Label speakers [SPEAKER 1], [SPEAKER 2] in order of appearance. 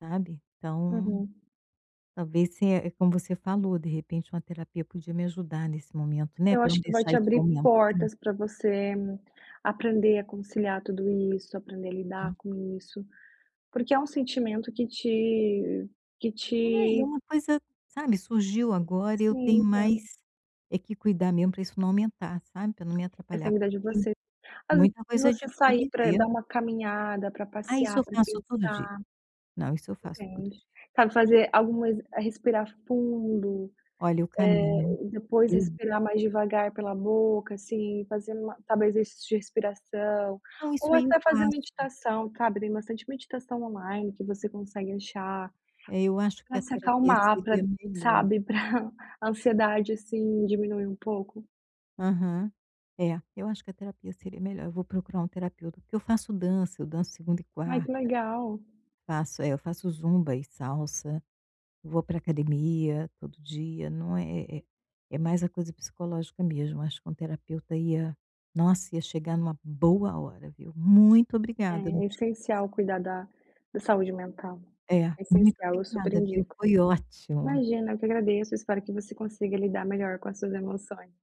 [SPEAKER 1] Sabe? Então
[SPEAKER 2] Uhum.
[SPEAKER 1] talvez se é como você falou: de repente, uma terapia podia me ajudar nesse momento, né,
[SPEAKER 2] Eu
[SPEAKER 1] para eu não
[SPEAKER 2] acho que vai
[SPEAKER 1] deixar
[SPEAKER 2] te
[SPEAKER 1] isso
[SPEAKER 2] abrir
[SPEAKER 1] aumentar.
[SPEAKER 2] portas para você aprender a conciliar tudo isso, aprender a lidar
[SPEAKER 1] Hum.
[SPEAKER 2] com isso, porque é um sentimento que te que
[SPEAKER 1] É, e
[SPEAKER 2] te
[SPEAKER 1] uma coisa, sabe, surgiu agora e eu tenho
[SPEAKER 2] Sim, entendo.
[SPEAKER 1] mais é que cuidar mesmo para isso não aumentar, sabe. Pra não me
[SPEAKER 2] Essa é
[SPEAKER 1] atrapalhar,
[SPEAKER 2] vida
[SPEAKER 1] porque
[SPEAKER 2] de
[SPEAKER 1] eu tenho
[SPEAKER 2] você. Às vezes,
[SPEAKER 1] muita coisa de
[SPEAKER 2] você
[SPEAKER 1] pra
[SPEAKER 2] sair pra
[SPEAKER 1] viver.
[SPEAKER 2] dar uma caminhada, pra
[SPEAKER 1] Ah, isso
[SPEAKER 2] passear,
[SPEAKER 1] eu
[SPEAKER 2] pra
[SPEAKER 1] faço todo dia.
[SPEAKER 2] pensar.
[SPEAKER 1] Não, isso eu faço todo
[SPEAKER 2] Entende.
[SPEAKER 1] dia.
[SPEAKER 2] Sabe, fazer algumas respirar fundo,
[SPEAKER 1] Olha, eu caminho,
[SPEAKER 2] eh, depois
[SPEAKER 1] eu
[SPEAKER 2] respirar mais devagar pela boca, assim, fazendo uma talvez exercícios de respiração.
[SPEAKER 1] Não.
[SPEAKER 2] Ou
[SPEAKER 1] Isso, aí, eu
[SPEAKER 2] até fazer
[SPEAKER 1] faço.
[SPEAKER 2] meditação, cabe. Tem bastante meditação online que você consegue achar
[SPEAKER 1] É, eu acho que
[SPEAKER 2] pra
[SPEAKER 1] a
[SPEAKER 2] se
[SPEAKER 1] terapia
[SPEAKER 2] acalmar, pra
[SPEAKER 1] seria melhor.
[SPEAKER 2] sabe, pra ansiedade, assim, diminuir um pouco.
[SPEAKER 1] Aham. É, eu acho que a terapia seria melhor, eu vou procurar um terapeuta. Porque eu faço dança. Eu danço segunda e
[SPEAKER 2] Ai,
[SPEAKER 1] quarta.
[SPEAKER 2] que legal.
[SPEAKER 1] Faço, eh, eu faço zumba e salsa. Vou para academia todo dia. Não, é é é é mais a coisa psicológica mesmo. Acho que um terapeuta ia nossa, ia chegar numa boa hora, viu. Muito obrigada, não
[SPEAKER 2] É
[SPEAKER 1] tinha
[SPEAKER 2] essencial
[SPEAKER 1] pensado.
[SPEAKER 2] cuidar da da saúde mental.
[SPEAKER 1] É,
[SPEAKER 2] É
[SPEAKER 1] muito
[SPEAKER 2] essencial. Eu super
[SPEAKER 1] obrigada, viu?
[SPEAKER 2] indico.
[SPEAKER 1] Foi ótimo.
[SPEAKER 2] Imagina, eu que agradeço. Espero que você consiga lidar melhor com as suas emoções.